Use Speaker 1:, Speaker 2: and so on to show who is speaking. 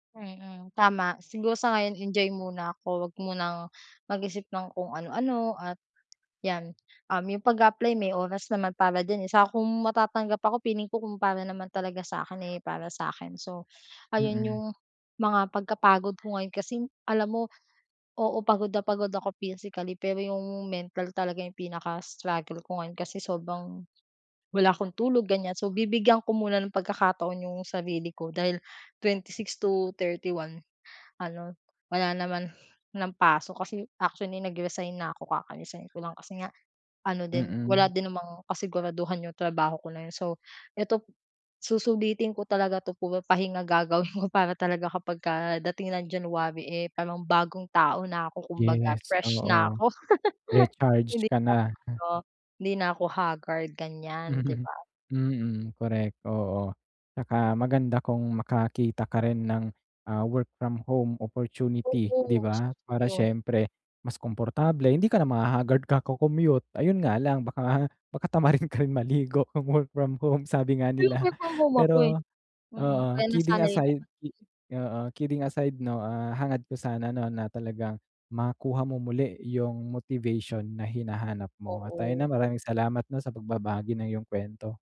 Speaker 1: Mm, tama siguro sa ngayon enjoy muna ako huwag munang mag-isip ng kung ano-ano at yan, um, yung pag-a-apply may oras naman para diyan, eh, saka kung matatanggap ako feeling ko kung para naman talaga sa akin, eh, para sa akin so, ayun
Speaker 2: Mm.
Speaker 1: yung mga pagka-pagod ko ngayon kasi alam mo, oo. pagod na pagod ako physically pero yung mental talaga yung pinaka-struggle ko ngayon kasi sobrang, wala akong tulog ganyan so bibigyan ko muna ng pagkakataon 'yong sarili ko dahil 26 to 31 ano, wala naman ng pasok kasi actually nag-resign na ako, kaka-resign ko lang kasi nga, ano din, wala
Speaker 2: Mm.
Speaker 1: din namang kasiguraduhan 'yong trabaho ko na yun so, eto susulitin ko talaga 'to puro pahinga gagawin ko para talaga kapagka dating ng January, eh, parang bagong tao na ako kumbaga
Speaker 2: Yes,
Speaker 1: fresh na
Speaker 2: oo.
Speaker 1: ako.
Speaker 2: Recharge
Speaker 1: Hindi
Speaker 2: ka
Speaker 1: na
Speaker 2: na,
Speaker 1: ako
Speaker 2: m
Speaker 1: ano, hindi na ako haggard ganyan, 'di ba?
Speaker 2: Mm, correct, oo. Tsaka maganda kung makakita ka rin ng, ah, work from home opportunity, 'di
Speaker 1: Oo,
Speaker 2: ba? Para
Speaker 1: 'yun.
Speaker 2: siyempre mas komportable, hindi ka na ma-hahaggard kaka-commute ayun nga lang baka baka tamarin ka rin maligo kung work from home sabi nga
Speaker 1: Pero
Speaker 2: nila.
Speaker 1: work from home ako, eh.
Speaker 2: Pero,
Speaker 1: Mm,
Speaker 2: oo,
Speaker 1: kaya
Speaker 2: kidding
Speaker 1: nasanay
Speaker 2: aside,
Speaker 1: naman.
Speaker 2: i oo, kidding aside 'no, ah, hangad ko sana 'no na talagang makuha mo muli yung motivation na hinahanap mo at ayun,
Speaker 1: Oo.
Speaker 2: ah, maraming salamat 'no sa pagbabahagi ng iyong kuwento.